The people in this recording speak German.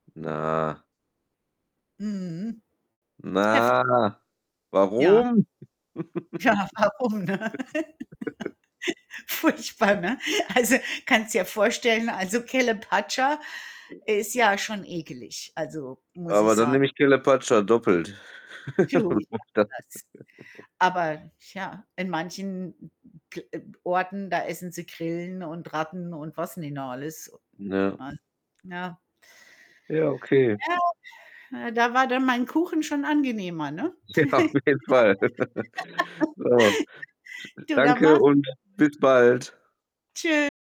Na. Mhm, heftig. Na, Ja. warum? Ja, warum, ne? Furchtbar, ne? Also, kannst dir vorstellen, also Calapacha ist [unintelligible] ja schon ekelig, also, muss Aber ich dann sagen. nehme ich Calapacha doppelt. [unintelligible] nennt [unintelligible] man das. Aber tja, in manchen n n ke äh, Orten, da essen sie Grillen und Ratten und was nicht noch alles. Ja. [unintelligible] Ja. Ja, okay. [unintelligible] Na da war dann mein Kuchen schon angenehmer, ne? Ja, auf jeden Fall. So s Du, dann danke mach's und gut. bis bald. Tschü